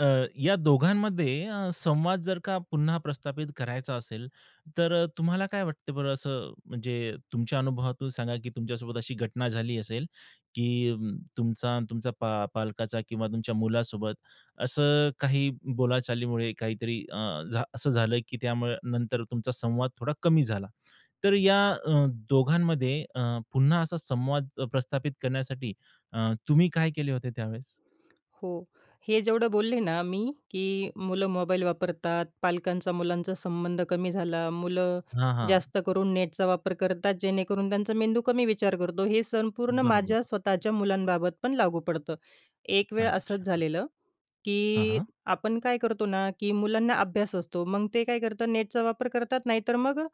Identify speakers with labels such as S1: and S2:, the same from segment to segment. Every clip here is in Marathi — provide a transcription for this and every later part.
S1: अ, या दोघांमध्ये अ, संवाद जर का पुन्हा प्रस्थापित करायचा असेल तर अ, तुम्हाला काय वाटतं बरं असं म्हणजे तुमच्या अनुभवातून सांगा की तुमच्यासोबत अशी घटना झाली असेल, की तुमचा आणि तुमचा पा पालकाचा किंवा तुमच्या मुलासोबत असं काही बोलाचालीमुळे काहीतरी अ, झा असं झालं की त्यामुळे नंतर तुमचा संवाद थोडा कमी झाला. तर या अ, दोघांमध्ये अ, पुन्हा असा संवाद अ, प्रस्थापित करण्यासाठी अ, तुम्ही काय केले होते त्यावेळेस?
S2: हो. हे जेवढं बोलले ना, मी की मुलं मोबाईल वापरतात. पालकांचा मुलांचा संबंध कमी झाला. मुलं
S1: हां, हां.
S2: जास्त करून नेटचा वापर करतात जेणेकरून त्यांचा मेंदू कमी विचार करतो. हे संपूर्ण माझ्या
S1: बरोबर.
S2: स्वतःच्या मुलांबाबत पण लागू पडतं. एक वेळ असंच
S1: अच्छा.
S2: झालेलं.
S1: हां,
S2: की
S1: हां.
S2: आपण काय करतो ना, की मुलांना अभ्यास असतो. मग ते काय करतात नेटचा वापर करतात नाही तर मग अ,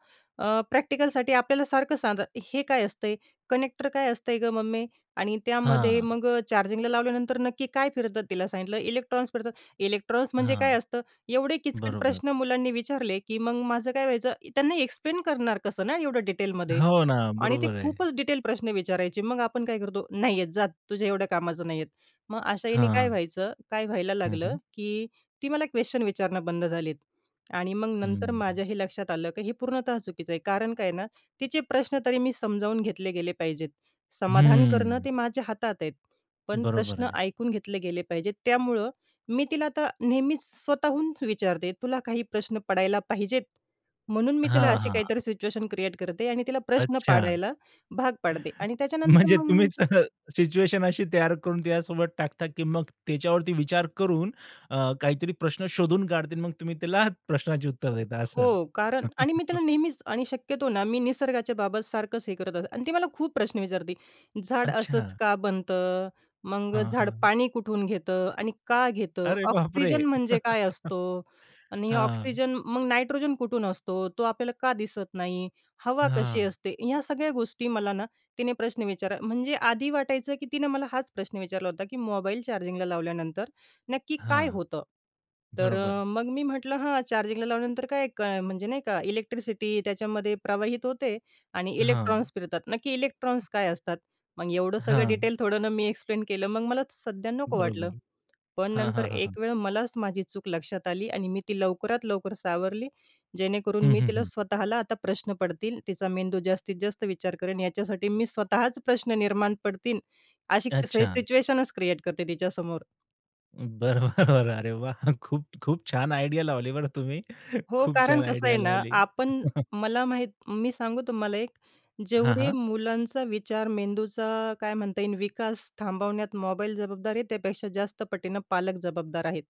S2: अ, प्रॅक्टिकलसाठी आपल्याला सारखं सांगतात हे काय असतंय? "कनेक्टर काय असतंय गं मम्मी? आणि त्यामध्ये
S1: हां.
S2: मग चार्जिंगला लावल्यानंतर नक्की काय फिरतात?" तिला सांगितलं इलेक्ट्रॉन्स फिरतात. "इलेक्ट्रॉन्स म्हणजे
S1: हां.
S2: काय असतं?" एवढे किचकट
S1: बरोबर.
S2: प्रश्न मुलांनी विचारले की मग माझं काय व्हायचं त्यांना एक्सप्लेन करणार कसं ना, एवढं डिटेलमध्ये
S1: हो ना.
S2: आणि ते
S1: बरोबर आहे.
S2: खूपच डिटेल प्रश्न विचारायचे. मग आपण काय करतो "नाहीये जा तुझ्या एवढ्या कामाचा नाहीये." मग अशा यांने काय
S1: हां.
S2: व्हायचं? काय व्हायला
S1: हं,
S2: लागलं?
S1: हं.
S2: की ती मला क्वेशन विचारणं बंद झालेत. आणि मग नंतर
S1: हं.
S2: माझ्याही लक्षात आलं की हे पूर्णतः चुकीच आहे. कारण काय आहे ना, तिचे प्रश्न तरी मी समजावून घेतले गेले पाहिजेत. समाधान करणं
S1: हं.
S2: ते माझ्या हातात आहे. पण
S1: बरोबर
S2: प्रश्न
S1: आहे.
S2: ऐकून घेतले गेले पाहिजेत त्यामुळं मी तिला आता नेहमीच स्वतःहूनच विचारते तुला काही प्रश्न पडायला पाहिजेत म्हणून मी तिला
S1: हां,
S2: अशी
S1: हां.
S2: काहीतरी सिच्युएशन क्रिएट करते आणि तिला प्रश्न
S1: अच्छा.
S2: पाडायला भाग पाडते आणि त्याच्यानंतर
S1: म्हणजे
S2: मग
S1: तुम्हीच अ, सिच्युएशन अशी तयार करून त्यासोबत टाकता की मग त्याच्यावरती विचार करून अ, काहीतरी प्रश्न शोधून काढतील. मग तुम्ही त्याला आहात प्रश्नाची उत्तर देता असं.
S2: हो कारण आणि मी त्याला नेहमीच आणि शक्यतो ना, मी निसर्गाच्या बाबत सारखंच हे करत असते आणि ती मला खूप प्रश्न विचारते. "झाड असंच
S1: अच्छा.
S2: का बनतं? मग
S1: हां,
S2: झाड
S1: हां.
S2: पाणी कुठून घेतं आणि का घेतं?
S1: अरे बाप रे!
S2: ऑक्सिजन म्हणजे काय असतो आणि
S1: हां.
S2: ऑक्सिजन मग नायट्रोजन कुठून असतो? तो आपल्याला का दिसत नाही? हवा कशी
S1: हां.
S2: असते?" ह्या सगळ्या गोष्टी मला ना, तिने प्रश्न विचारा म्हणजे आधी वाटायचं की तिने मला हाच प्रश्न विचारला होता की मोबाईल चार्जिंगला लावल्यानंतर नक्की काय
S1: हां.
S2: होतं? तर
S1: बरोबर.
S2: मग मी म्हटलं हां, "चार्जिंगला लावल्यानंतर काय म्हणजे नाही का इलेक्ट्रिसिटी त्याच्यामध्ये प्रवाहित होते आणि
S1: हां.
S2: इलेक्ट्रॉन्स फिरतात." नक्की इलेक्ट्रॉन्स काय असतात? मग एवढं सगळं
S1: हां.
S2: डिटेल थोडं ना, मी एक्सप्लेन केलं मग मला सध्या नको वाटलं.
S1: बरोबर.
S2: पण
S1: हां,
S2: नंतर
S1: हां, हां, हां.
S2: एक वेळ मलाच माझी चूक लक्षात आली आणि मी ती लवकरात लवकर सावरली जेणेकरून
S1: हं,
S2: मी
S1: हं,
S2: तिला
S1: हं.
S2: स्वतःला आता प्रश्न पडतील. तिचा मेंदू जास्तीत जास्त विचार करेन. याच्यासाठी मी स्वतःच प्रश्न निर्माण पडतील अशी से
S1: अच्छा.
S2: सिच्युएशनच क्रिएट करते तिच्यासमोर.
S1: बरोबर. अरे वाह! खूप खूप छान आयडिया लावली बरं तुम्ही.
S2: हो
S1: खूप
S2: कारण
S1: छान
S2: कसं
S1: आयडिया
S2: आहे ना,
S1: लावली.
S2: आपण मला माहीत मी सांगू तुम्हाला एक.
S1: हां,
S2: जेवढे
S1: हां.
S2: मुलांचा विचार मेंदूचा काय म्हणता येईल विकास थांबवण्यात मोबाईल जबाबदार आहे त्यापेक्षा जास्त पटीने पालक जबाबदार आहेत.